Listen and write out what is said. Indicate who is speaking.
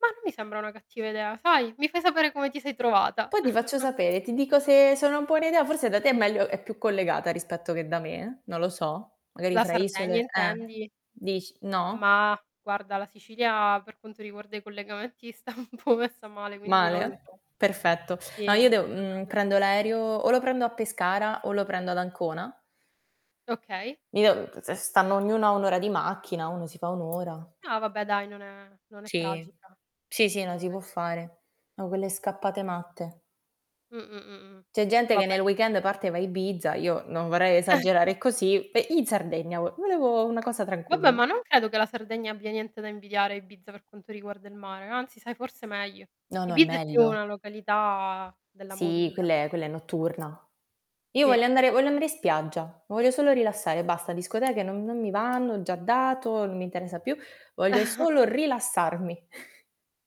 Speaker 1: Mah, non mi sembra una cattiva idea, sai? Mi fai sapere come ti sei trovata.
Speaker 2: Poi ti faccio sapere, ti dico se sono un po' un'idea, forse da te è meglio è più collegata rispetto che da me eh, non lo so. Magari
Speaker 1: La
Speaker 2: fra isole
Speaker 1: Sardegna
Speaker 2: eh,
Speaker 1: intendi?
Speaker 2: dici, no?
Speaker 1: Mah, guarda la Sicilia per quanto riguarda i collegamenti sta un po' messa male, quindi non lo
Speaker 2: Male?
Speaker 1: so.
Speaker 2: Perfetto. No,
Speaker 1: Sì,
Speaker 2: io
Speaker 1: non
Speaker 2: devo,
Speaker 1: te
Speaker 2: mhmm,
Speaker 1: lo so
Speaker 2: prendo
Speaker 1: dire.
Speaker 2: l'aereo, o lo prendo a Pescara o lo prendo ad Ancona.
Speaker 1: Okay.
Speaker 2: Io se se stanno ognuno a 1 ora di macchina, uno si fa 1 ora.
Speaker 1: No va beh dai, non è non è
Speaker 2: Sì,
Speaker 1: tragica.
Speaker 2: sì, sì, no si può
Speaker 1: [unintelligible]
Speaker 2: fare. No, quelle scappate matte.
Speaker 1: Mh, mh, mh, mh.
Speaker 2: C'è gente che
Speaker 1: Vabbè.
Speaker 2: nel weekend parte e va a Ibiza, io non vorrei esagerare così, pe in Sardegna vo volevo una cosa
Speaker 1: Vabbè,
Speaker 2: tranquilla.
Speaker 1: ma non credo che la Sardegna abbia niente da invidiare a Ibiza per quanto riguarda il mare, anzi sai forse meglio.
Speaker 2: No, no, è
Speaker 1: Ibiza è più
Speaker 2: meglio.
Speaker 1: una località della
Speaker 2: Sì,
Speaker 1: movida.
Speaker 2: quella è quella è notturna. Io voglio
Speaker 1: Sì.
Speaker 2: andare voglio andare in spiaggia, mi voglio solo rilassare, basta, discoteche non non mi vanno, ho già dato, non mi interessa più, voglio solo rilassarmi.